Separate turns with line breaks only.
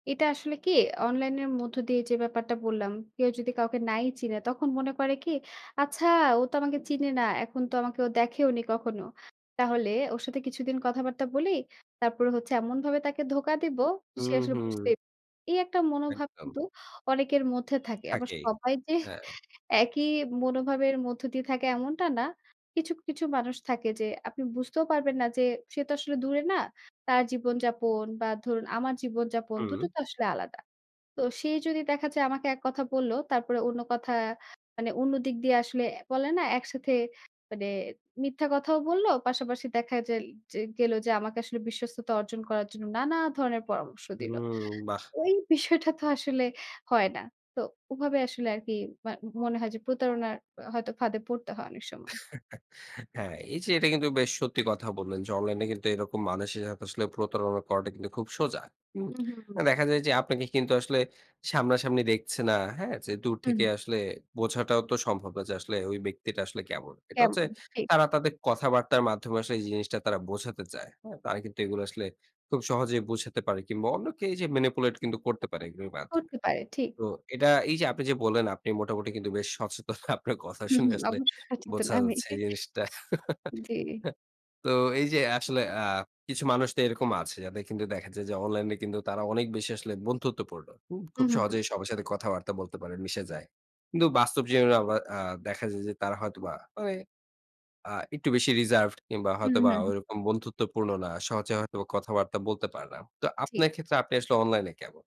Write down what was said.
এটা আসলে কি? অনলাইন এর মধ্য দিয়ে যে ব্যাপারটা বললাম, কেউ যদি কাউকে নাই চিনে, তখন মনে করে কি? "আচ্ছা ও তো আমাকে চিনে না। এখন তো আমাকে দেখেওনি কখনো। তাহলে ওর সাথে কিছুদিন কথাবার্তা বলি। তারপরে হচ্ছে এমনভাবে তাকে ধোকা দিব, সে
হুম,
আসলে
হুম।
বুঝতেই প" এই একটা মনোভাব
একদম।
কিন্তু অনেকের মধ্যে থাকে। আবার
থাকেই।
সবাই যে,
হ্যাঁ।
একই মনোভাবের মধ্য দিয়ে থাকে, এমনটা না। কিছু, কিছু মানুষ থাকে যে, আপনি বুঝতেও পারবেন না যে, সে তো আসলে দূরে না? তার জীবনযাপন বা ধরুন আমার জীবনযাপন,
হুম।
দুটো তো আসলে আলাদা। তো সে যদি দেখা যায় আমাকে এক কথা বলল, তারপরে অন্য কথা মানে, অন্য দিক দিয়ে আসলে বলে না? একসাথে মানে মিথ্যা কথাও বলল। পাশাপাশি দেখা জেল যে গেল যে আমাকে আসলে বিশ্বস্ততা অর্জন করার জন্য, নানা ধরনের পরামর্শ
হুম।
দিল।
বাহ!
ওই বিষয়টা তো আসলে হয় না। তো ওভাবে আসলে আর কি মা মনে হয় যে, প্রতারণার হয়তো ফাঁদে পড়তে হয় অনেক সময়।
হ্যাঁ, এই যে এটা কিন্তু বেশ সত্যি কথা বললেন যে, অনলাইনে কিন্তু এরকম মানুষের সাথে প্রতারণা করাটা কিন্তু খুব সোজা। হুম?
হুম, হুম।
দেখা যায় যে, আপনাকে কিন্তু আসলে সামনাসামনি দেখছে না, হ্যাঁ? যে দূর
হুম।
থেকে আসলে বোঝাটাও তো সম্ভব না যে, আসলে ওই ব্যক্তিটা আসলে কেমন? এটা হচ্ছে
কেমন? ঠিক।
তারা তাদের কথাবার্তার মাধ্যমে আসলে এই জিনিসটা তারা বোঝাতে চায়। হ্যাঁ? তারা কিন্তু এগুলো আসলে খুব সহজেই বোঝাতে পারে কিংবা অন্য কেউ এইযে ম্যানিপুলেট কিন্তু করতে পারে, এগুলোর মাধ্যমে।
করতে পারে, ঠিক।
তো এটা এই যে আপনি যে বললেন, আপনি মোটামুটি কিন্তু বেশ সচেতন আপনার কথা
হুম,
শুনে
হুম।
আসলে,
অবশ্যই শচেতন
বোঝা
আমি
যাচ্ছে
যে
এই জিনিসটা।
জী।
তো এই যে আসলে আ কিছু মানুষ তো এরকম আছে, যাদের কিন্তু দেখা যায় যে অনলাইন এ কিন্তু তারা অনেক বেশি আসলে বন্ধুত্বপূর্ণ। হুম?
হুম,
খুব
হুম।
সহজেই সবার সাথে কথাবার্তা বলতে পারেন, মিশে যায়। কিন্তু বাস্তব জীবনে আবার আ দেখা যায় যে, তারা হয়তোবা মানে আ একটু বেশি রিজার্ভড কিংবা
হু,
হয়তোবা
হু।
ওইরকম বন্ধুত্বপূর্ণ না, সহজে হয়তোবা কথাবার্তা বলতে পারে না। তো
জ্বি।
আপনার ক্ষেত্রে আপনি আসলে অনলাইনে কেমন?